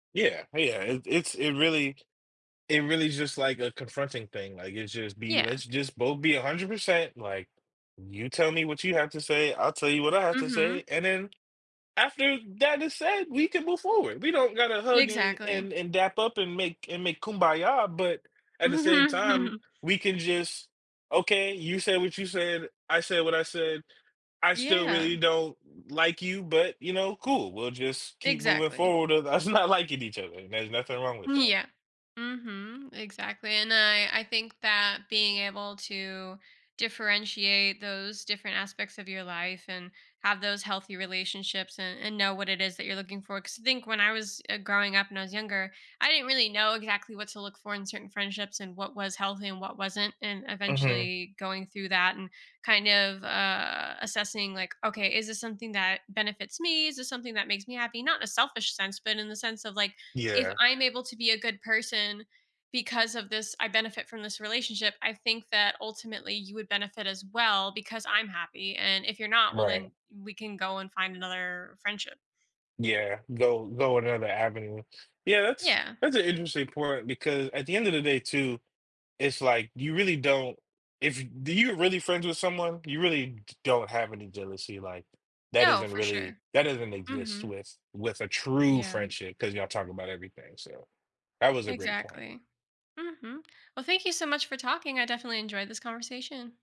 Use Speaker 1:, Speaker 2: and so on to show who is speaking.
Speaker 1: Yeah, yeah, it's it's it really it really just like a confronting thing, like it's just be
Speaker 2: Yeah.
Speaker 1: "Let's just both be 100%, like, you tell me what you have to say, I'll tell you what I have to
Speaker 2: Mhm.
Speaker 1: say," and then after that is said, we can move forward. We don't gotta hug and,
Speaker 2: Exactly.
Speaker 1: and and dap up and make and make kumbaya, but at the same time,
Speaker 2: Mhm.
Speaker 1: we can just, "Okay, you say what you said, I said what I said. I still
Speaker 2: Yeah.
Speaker 1: really don't like you, but, you know, cool, we'll just keep moving
Speaker 2: Exactly.
Speaker 1: forward with us not liking each other, and there's nothing wrong with
Speaker 2: Mm.
Speaker 1: that."
Speaker 2: Yeah, mhm, exactly. And I I think that being able to differentiate those different aspects of your life and have those healthy relationships and and know what it is that you're looking for, cause think when I was, eh, growing up and I was younger, I didn't really know exactly what to look for in certain friendships and what was healthy and what wasn't, and
Speaker 1: Uh-huh.
Speaker 2: eventually going through that and kind of, uh, assessing, like, "Okay, is this something that benefits me? Is this something that makes me happy?" Not in a selfish sense, but in the sense of, like, "If
Speaker 1: Yeah.
Speaker 2: I'm able to be a good person because of this, I benefit from this relationship, I think that ultimately you would benefit as well because I'm happy, and if you're not, well, then
Speaker 1: Right.
Speaker 2: we can go and find another friendship."
Speaker 1: Yeah, go go another avenue. Yeah, that's
Speaker 2: Yeah.
Speaker 1: that's an interesting point because at the end of the day too, it's like you really don't, if do you're really friends with someone, you really d don't have any jealousy, like, that
Speaker 2: No,
Speaker 1: isn't
Speaker 2: for
Speaker 1: really,
Speaker 2: sure.
Speaker 1: that doesn't exist
Speaker 2: Mhm.
Speaker 1: with with a true
Speaker 2: Yeah.
Speaker 1: friendship cause y'all talk about everything, so that was a great point.
Speaker 2: Exactly. Mhm. Well, thank you so much for talking I definitely enjoyed this conversation.